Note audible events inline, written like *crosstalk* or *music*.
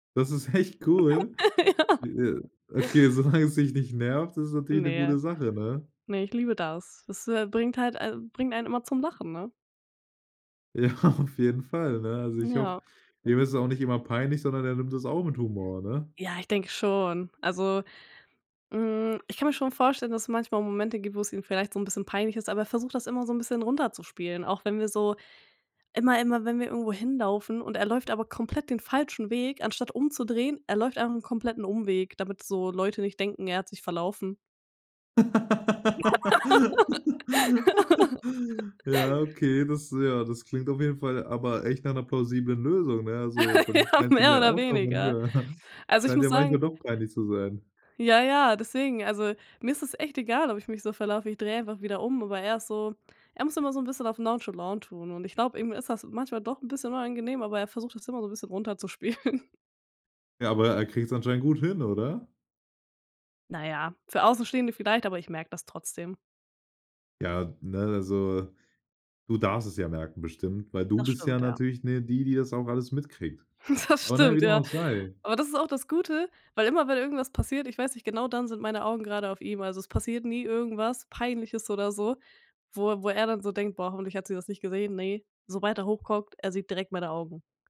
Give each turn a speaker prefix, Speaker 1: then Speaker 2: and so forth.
Speaker 1: Das ist echt cool.
Speaker 2: *laughs* Ja.
Speaker 1: Okay, solange es dich nicht nervt, ist es natürlich 'ne
Speaker 2: Ne,
Speaker 1: gute Sache, ne?
Speaker 2: ne, ich liebe das. Das, äh, bringt halt al bringt einen immer zum Lachen, ne?
Speaker 1: Ja, auf jeden Fall, ne. Also ich hoffe
Speaker 2: Ja.
Speaker 1: ihm ist es auch nicht immer peinlich, sondern er nimmt es auch mit Humor, ne?
Speaker 2: Ja, ich denke schon. Also, hm, ich kann mir schon vorstellen, dass es manchmal Momente gibt, wo es ihm vielleicht so 'n bisschen peinlich ist, aber er versucht das immer so 'n bisschen runterzuspielen, auch wenn wir so immer immer wenn wir irgendwo hinlaufen und er läuft aber komplett den falschen Weg, anstatt umzudrehen, er läuft einfach 'n kompletten Umweg, damit so Leute nicht denken, er hat sich verlaufen.
Speaker 1: *laughs* Ja,
Speaker 2: *laughs*
Speaker 1: okay, das, ja das klingt auf jeden Fall aber echt nach 'ner plausiblen Lösung, ne? Also,
Speaker 2: *laughs*
Speaker 1: dann
Speaker 2: Ja,
Speaker 1: scheint's ihm
Speaker 2: mehr
Speaker 1: ja
Speaker 2: oder
Speaker 1: auch noch.
Speaker 2: weniger.
Speaker 1: *unintelligible* *chuckles*
Speaker 2: Also, ich
Speaker 1: Scheint
Speaker 2: muss
Speaker 1: ja manchmal
Speaker 2: sagen
Speaker 1: doch peinlich zu sein.
Speaker 2: Ja, ja, deswegen, also mir ist das echt egal, ob ich mich so verlaufe, ich drehe einfach wieder um, aber er ist so er muss immer so 'n bisschen auf nonchalant tun, und ich glaub, ihm ist das manchmal doch 'n bisschen unangenehm aber er versucht das immer so 'n bisschen runterzuspielen.
Speaker 1: Ja, aber er kriegt's anscheinend gut hin, oder?
Speaker 2: Na ja, für Außenstehende vielleicht, aber ich merke das trotzdem.
Speaker 1: Ja, ne, also du darfst es ja merken bestimmt, weil du
Speaker 2: Das
Speaker 1: bist ja
Speaker 2: stimmt, ja.
Speaker 1: natürlich, ne, die, die das auch alles mitkriegt.
Speaker 2: *chuckles* Das
Speaker 1: Aber na ja,
Speaker 2: stimmt,
Speaker 1: wie dem
Speaker 2: ja.
Speaker 1: auch sei
Speaker 2: Aber das ist auch das Gute, weil immer, wenn irgendwas passiert, ich weiß nicht, genau dann sind meine Augen gerade auf ihm, also es passiert nie irgendwas Peinliches oder so, wo er wo er dann so denkt: „Boah, hoffentlich hat sie das nicht gesehen.“ Ne, sobald er hochguckt, er sieht direkt meine Augen.